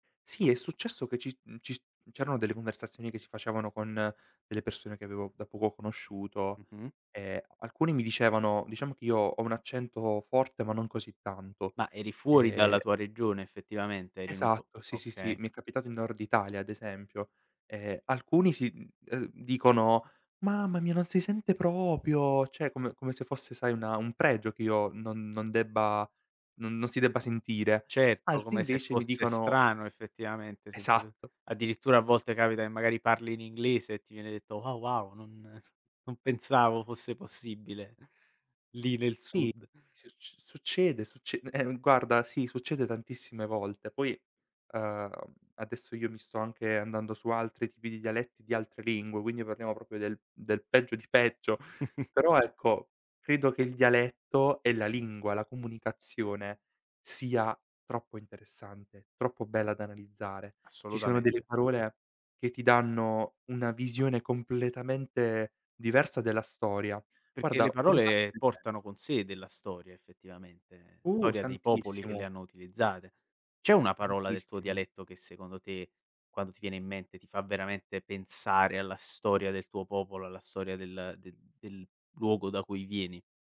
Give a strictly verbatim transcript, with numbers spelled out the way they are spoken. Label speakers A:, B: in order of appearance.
A: Sì, è successo che ci mhmm, ci s mhmm, c'erano delle conversazioni che si facevano con delle persone che avevo da poco conosciuto,
B: Mh-mh.
A: e alcuni mi dicevano diciamo che io ho un accento forte ma non così tanto.
B: Ma eri fuori
A: Ehm
B: dalla tua regione effettivamente? Eri in un po
A: Esatto, sì, sì, sì,
B: okay.
A: mi è capitato in Nord Italia ad esempio. Ehm, alcuni sì, mhmm, ehm, dicono: "Mamma mia non si sente proprio", ceh come come se fosse sai una un pregio che io non non debba n non si debba sentire.
B: Certo,
A: Altri
B: come se
A: invece mi
B: fosse
A: dicono
B: strano effettivamente sentir
A: Esatto.
B: addirittura a
A: Esa
B: volte capita e magari parli in inglese e ti viene detto: "Ah, wow! Non non pensavo fosse possibile, lì nel
A: Sì,
B: sud."
A: succ succede, succe eh no guarda, sì, succede tantissime volte. Poi, ehm, adesso io mi sto anche andando su altri tipi di dialetti di altre lingue, quindi parliamo proprio del del peggio di peggio. Però ecco, credo che il dialetto e la lingua, la comunicazione, sia troppo interessante, troppo bella da analizzare. Ci sono delle
B: Assolutamente.
A: parole che ti danno una visione completamente diversa della storia.
B: Perché
A: Guarda,
B: le
A: voglio farti
B: parole
A: un esempio.
B: portano con sé della storia effettivamente,
A: Uh,
B: storia dei popoli che le
A: tantissimo.
B: hanno utilizzate. C'è una parola del tuo
A: Tantissimo.
B: dialetto che secondo te, quando ti viene in mente, ti fa veramente pensare alla storia del tuo popolo, alla storia del del del luogo da cui vieni?